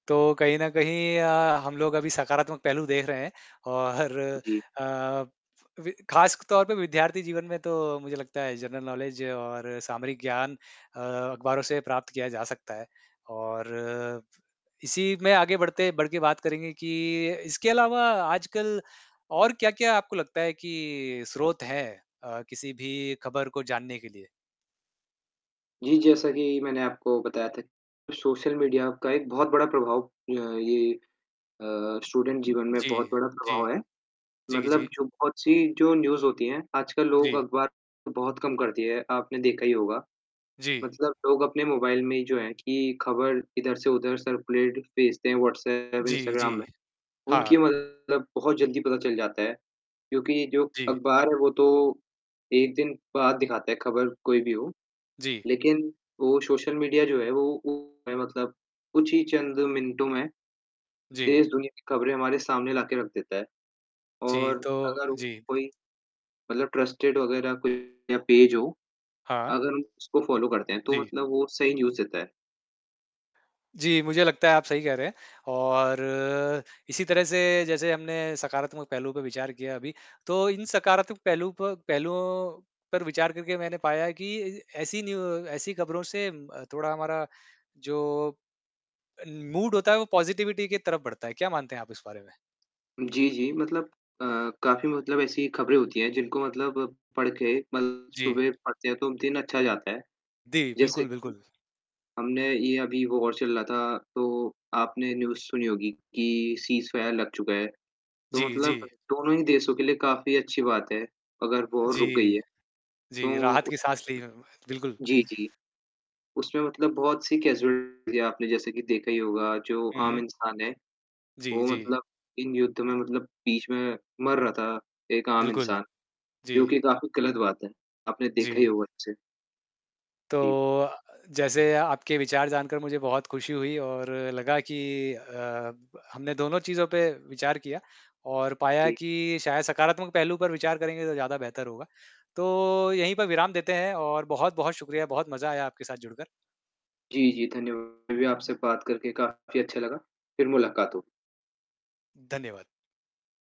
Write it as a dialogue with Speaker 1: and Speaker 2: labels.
Speaker 1: तो कहीं न कहीं अ, हम लोग अभी सकारात्मक पहलू देख रहे हैं और
Speaker 2: उ, जी।
Speaker 1: अ, अवी खासतौर पे विद्यार्थी जीवन में तो, मुझे लगता है, जनरल नौलेज और सामरिक ज्ञान अ, अखबारों से प्राप्त किया जा सकता है। और इसी में आगे बढ़ते बढ़ के बात करेंगे कि इसके अलावा आजकल और क्या-क्या आपको लगता है कि स्रोत है अ, किसी भी खबर को जानने के लिए?
Speaker 2: जी, जैसा कि मैंने आपको बताया था, सोशल मीडिया का एक बहुत बड़ा प्रभाव अ, ये अ, स्टूडेंट जीवन में
Speaker 1: जी,
Speaker 2: बहुत बड़ा
Speaker 1: जी।
Speaker 2: प्रभाव है।
Speaker 1: जी,
Speaker 2: मतलब
Speaker 1: जी।
Speaker 2: जो बहुत-सी जो न्यूज़ होती है, आजकल लोग
Speaker 1: जी।
Speaker 2: अखबार बहुत कम कर दिए हैं। आपने देखा ही होगा।
Speaker 1: जी।
Speaker 2: मतलब लोग अपने मोबाइल में ही, जो है कि खबर इधर से उधर सर्कुलेट भेजते हैं, व्हॉट्सएप,
Speaker 1: जी,
Speaker 2: इंस्टाग्राम में।
Speaker 1: जी।
Speaker 2: उनकी
Speaker 1: हाँ।
Speaker 2: मतलब बहुत जल्दी पता चल जाता है। क्योंकि जो
Speaker 1: जी।
Speaker 2: अखबार है, वो तो 1 दिन बाद दिखाता है, खबर कोई भी हो।
Speaker 1: जी।
Speaker 2: लेकिन वो सोशल मीडिया जो है, वो ओ है मतलब कुछ ही चंद मिनटों में,
Speaker 1: जी।
Speaker 2: देश-दुनिया की खबरें हमारे सामने ला के रख देता है।
Speaker 1: जी,
Speaker 2: और
Speaker 1: तो
Speaker 2: अगर
Speaker 1: जी।
Speaker 2: कोई, मतलब ट्रस्टेड वग़ैरह कोई या पेज हो,
Speaker 1: हाँ।
Speaker 2: अगर हम उसको फ़ॉलो करते हैं, तो
Speaker 1: जी।
Speaker 2: मतलब वो सही न्यूज़ देता है।
Speaker 1: जी, मुझे लगता है, आप सही कह रहे हैं, और इसी तरह से, जैसे हमने सकारात्मक पहलू पे विचार किया अभी, तो इन सकारात्मक पहलू प पहलुओं पर विचार करके मैंने पाया है कि ऐसी न्यू ऐसी खबरों से उम, अ, थोड़ा हमारा जो, अन मूड होता है, वो पॉज़िटिविटी की तरफ बढ़ता है। क्या मानते हैं आप इस बारे में?
Speaker 2: जी, जी, मतलब अ, काफ़ी मतलब ऐसी खबरें होती हैं, जिनको मतलब पढ़ के मतलब
Speaker 1: जी।
Speaker 2: सुबह पढ़ते हैं, तो दिन अच्छा जाता है।
Speaker 1: दी
Speaker 2: जैसे
Speaker 1: बिल्कुल,
Speaker 2: कि
Speaker 1: बिल्कुल।
Speaker 2: हमने ये अभी वॉर चल रहा था, तो आपने न्यूज़ सुनी होगी कि सीज़फायर लग चुका है। तो
Speaker 1: जी,
Speaker 2: मतलब
Speaker 1: जी।
Speaker 2: दोनों ही देशों के लिए काफ़ी अच्छी बात है, अगर
Speaker 1: हाँ,
Speaker 2: वॉर रुक गयी
Speaker 1: जी।
Speaker 2: है।
Speaker 1: जी,
Speaker 2: तो
Speaker 1: राहत की
Speaker 2: उसमे
Speaker 1: साँस ली, बिल्कुल।
Speaker 2: फिर जी, जी। उसमें मतलब बहुत-सी कैज़ुअल्टी थीं आपने जैसे कि देखा ही होगा, जो
Speaker 1: उ,
Speaker 2: आम
Speaker 1: हुँ।
Speaker 2: इंसान है,
Speaker 1: जी,
Speaker 2: वो
Speaker 1: जी।
Speaker 2: मतलब इन युद्ध में मतलब बीच में मर रहा था, एक आम
Speaker 1: बिल्कुल।
Speaker 2: इंसान,
Speaker 1: जी।
Speaker 2: जो कि काफ़ी गलत बात है। आपने देखा ही
Speaker 1: जी।
Speaker 2: होगा उसे।
Speaker 1: तो
Speaker 2: जी।
Speaker 1: अ, जैसे आपके विचार जानकर मुझे बहुत खुशी हुई और लगा कि अ, ब हमने दोनों चीज़ों पे विचार किया और पाया
Speaker 2: जी।
Speaker 1: कि शायद सकारात्मक पहलू पर विचार करेंगे, तो ज़्यादा बेहतर होगा। तो यहीं पर विराम देते हैं और बहुत-बहुत शुक्रिया। बहुत मज़ा आया आपके साथ जुड़कर।
Speaker 2: जी, जी, धन्यव हमें भी आपसे बात करके काफ़ी अच्छा लगा। फिर मुलाकात हो।
Speaker 1: धन्यवाद।